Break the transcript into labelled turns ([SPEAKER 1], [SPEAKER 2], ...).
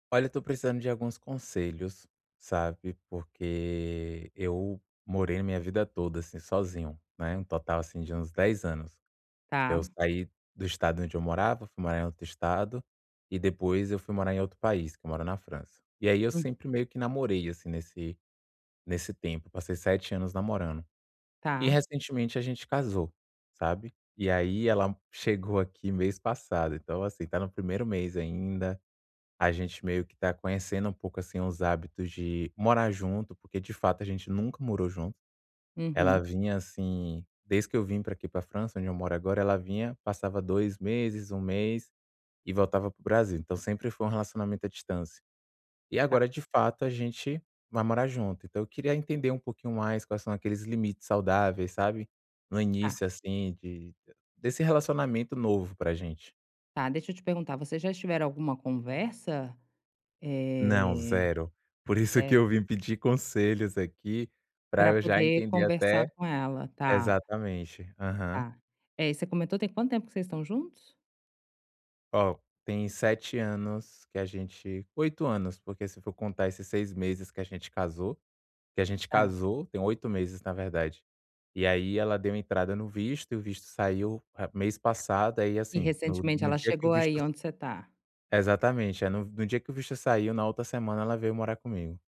[SPEAKER 1] Olha, tô precisando de alguns conselhos, sabe, porque eu morei a minha vida toda, assim, sozinho, né, um total assim de uns 10 anos. Eu
[SPEAKER 2] Tá.
[SPEAKER 1] saí do estado onde eu morava, fui morar em outro Estado, e depois eu fui morar em outro país, que eu moro na França. E aí eu
[SPEAKER 2] Hum.
[SPEAKER 1] sempre meio que namorei, assim, nesse nesse tempo. Passei 7 anos namorando. E
[SPEAKER 2] Tá.
[SPEAKER 1] recentemente a gente casou, sabe? E aí ela m chegou aqui mês passado, então assim, está no primeiro mês ainda, a gente meio que está conhecendo um pouco, assim, os hábitos de morar junto, porque de fato a gente nunca morou junto. Ela
[SPEAKER 2] Uhum.
[SPEAKER 1] vinha, assim desde que eu vim pra aqui pra França, onde eu moro agora, ela vinha, passava 2 meses, 1 mês, e voltava para o Brasil, então sempre foi um relacionamento à distância. E agora
[SPEAKER 2] Tá.
[SPEAKER 1] de fato a gente vai morar junto. Então eu queria entender um pouquinho mais quais são aqueles limites saudáveis, sabe. No
[SPEAKER 2] Tá.
[SPEAKER 1] início, assim, de desse relacionamento novo pra gente.
[SPEAKER 2] Tá. Deixa eu te perguntar, vocês já estiveram alguma conversa?
[SPEAKER 1] Não,
[SPEAKER 2] Eh
[SPEAKER 1] 0. Por isso que eu
[SPEAKER 2] certo.
[SPEAKER 1] vim pedir conselhos aqui, pra
[SPEAKER 2] Pra
[SPEAKER 1] eu já
[SPEAKER 2] poder
[SPEAKER 1] entender até
[SPEAKER 2] conversar com ela. Tá.
[SPEAKER 1] exatamente. Aham.
[SPEAKER 2] Tá. É, você comentou, tem quanto tempo que vocês estão juntos?
[SPEAKER 1] Ó, tem 7 anos que a gente 8 anos, porque se for contar esses 6 meses que a gente casou. Que a gente
[SPEAKER 2] Tá.
[SPEAKER 1] casou tem 8 meses na verdade. E aí ela deu entrada no visto, e o visto saiu a mês passado, aí
[SPEAKER 2] E
[SPEAKER 1] assim, no
[SPEAKER 2] recentemente
[SPEAKER 1] no
[SPEAKER 2] ela
[SPEAKER 1] dia que o
[SPEAKER 2] chegou
[SPEAKER 1] visto
[SPEAKER 2] aí,
[SPEAKER 1] s
[SPEAKER 2] onde você está?
[SPEAKER 1] Exatamente. É, no no dia que o visto saiu, na outra semana ela veio morar comigo.